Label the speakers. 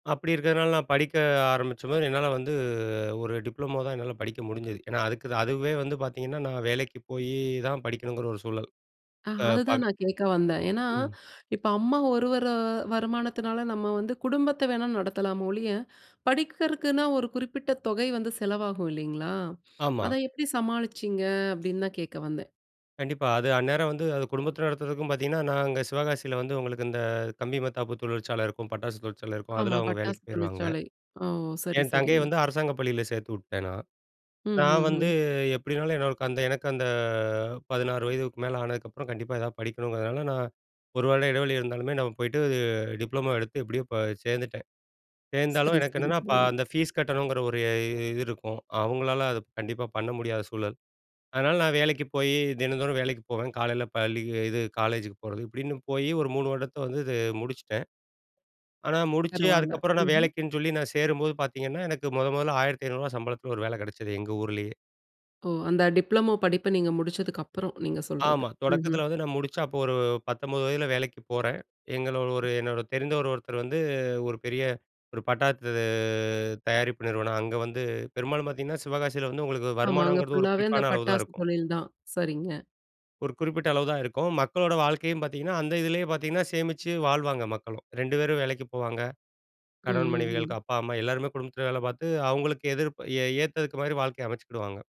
Speaker 1: அப்படி இருக்கிறதனால நான் படிக்க ஆரம்பிச்சம்போது, என்னால வந்து, ஒரு டிப்ளமோ தான் என்னால படிக்க முடிஞ்சது! ஏன்னா அதுக்கு அதுவே வந்து பார்த்தீங்கன்னா, நான் வேலைக்கு போயி தான் படிக்கணுங்குற ஒரு சூழல்!
Speaker 2: அ,
Speaker 1: அ,
Speaker 2: அதுதான்
Speaker 1: பக
Speaker 2: நான் கேட்க வந்தேன், ஏன்னா,
Speaker 1: ம்.
Speaker 2: இப்ப அம்மா ஒருவர, வருமானத்தினால நம்ம வந்து குடும்பத்த வேணா நடத்தலாமே ஒழிய, படிக்கிறதுக்குன்னா ஒரு குறிப்பிட்ட தொகை வந்து செலவாகும் இல்லேங்களா!
Speaker 1: ஆமா.
Speaker 2: அத எப்பிடி சமாளிச்சீங்க? அப்பிடின்னு தான் கேட்க வந்தேன்.
Speaker 1: கண்டிப்பா! அது அந்நேரம் வந்து, அது குடும்பத்தில நடத்துறதுக்கும் பார்த்தீங்கன்னா, நாங்க சிவகாசில வந்து உங்களுக்கு இந்த, கம்பி மத்தாப்பு தொழிற்சாலை இருக்கும், பட்டாசு தொழிற்சாலை இருக்கும், அதில
Speaker 2: ஆமா,
Speaker 1: அவுங்க வேலைக்கு
Speaker 2: பட்டாசு
Speaker 1: போயிருவாங்க.
Speaker 2: தொழிற்சாலை. ஓ! சரி,
Speaker 1: என் தங்கைய
Speaker 2: சரிங்க!
Speaker 1: வந்து அரசாங்க பள்ளியில சேர்த்துவுட்டேன் நான்.
Speaker 2: ம்,
Speaker 1: நான்
Speaker 2: ம்,
Speaker 1: வந்து
Speaker 2: ம்.
Speaker 1: எப்பிடினாலும் எனக்கு அந்த எனக்கு அந்த 16 வயதுக்கு மேல ஆனதுக்கு அப்புறம் கண்டிப்பா ஏதாவது படிக்கணுங்கிறதுனால, நான் ஒரு வருட இடைவெளி இருந்தாலுமே, நான் போயிட்டு டிப்ளமோ எடுத்து எப்பிடியோ ப சேர்ந்துட்டேன். சேர்ந்தாலும்
Speaker 2: சரி,
Speaker 1: எனக்கு
Speaker 2: சரி,
Speaker 1: என்னன்னா பா
Speaker 2: சரி.
Speaker 1: அந்த ஃபீஸ் கட்டணுங்கிற ஒரு இ இது இருக்கும். அவுங்களால அது கண்டிப்பா பண்ண முடியாத சூழல்! அதனால நான் வேலைக்கு போயி, தினந்தோறும் வேலைக்கு போவேன், காலையில பள்ளிக்கு இது காலேஜுக்கு போறது. இப்பிடின்னு போய் ஒரு 3 வருடத்த வந்து இது முடிச்சிட்டேன். ஆனா முடிச்சு,
Speaker 2: பரவால்ல,
Speaker 1: அதுக்கப்பறம் நான்
Speaker 2: ம்ஹ்ம்.
Speaker 1: வேலைக்குன்னு சொல்லி நான் சேரும்போது பார்த்தீங்கன்னா, எனக்கு முத முதல்ல ரூ. 1,500 சம்பளத்தில ஒரு வேலை கிடைச்சது, எங்க ஊர்லயே!
Speaker 2: ஓ! அந்த டிப்ளமோ படிப்ப நீங்க முடிச்சதுக்கு அப்பறம், நீங்க சொல்றது.
Speaker 1: ஆமா.
Speaker 2: ம்ஹ்ம்.
Speaker 1: தொடக்கத்தில வந்து நான் முடிச்சு அப்போ ஒரு 19 வயதில வேலைக்குப் போறேன். எங்களோட ஒரு, ஒரு என்னோட தெரிந்தவரு ஒருத்தர் வந்து, ஒரு பெரிய ஒரு பட்டாசு தயாரிப்பு நிறுவனம் அங்க வந்து பெரும்பாலும் பார்த்தீங்கன்னா, சிவகாசியில வந்து உங்களுக்கு
Speaker 2: ஆமா, அங்க
Speaker 1: வருமானம்ங்கிறது ஒரு
Speaker 2: ஃபுல்லா வே அந்த
Speaker 1: குறிப்பான அளவுதான்
Speaker 2: பட்டாசு
Speaker 1: இருக்கும்.
Speaker 2: தொழில் தான்! சரிங்க.
Speaker 1: ஒரு குறிப்பிட்ட அளவுதான் இருக்கும். மக்களோட வாழ்க்கையும் பார்த்தீங்கன்னா அந்த இதுலயே பார்த்தீங்கன்னா, சேமிச்சு வாழ்வாங்க மக்களும். 2 பேரும் வேலைக்கு போவாங்க.
Speaker 2: ம்,
Speaker 1: கணவன்,
Speaker 2: ம்,
Speaker 1: மனைவிகள்.
Speaker 2: ம்.
Speaker 1: அப்பா, அம்மா, எல்லாருமே குடும்பத்தில வேலை பார்த்து, அவுங்களுக்கு எதிர்ப் ஏ ஏத்ததுக்கு மாரி வாழ்க்கைய அமைச்சுக்கிடுவாங்க.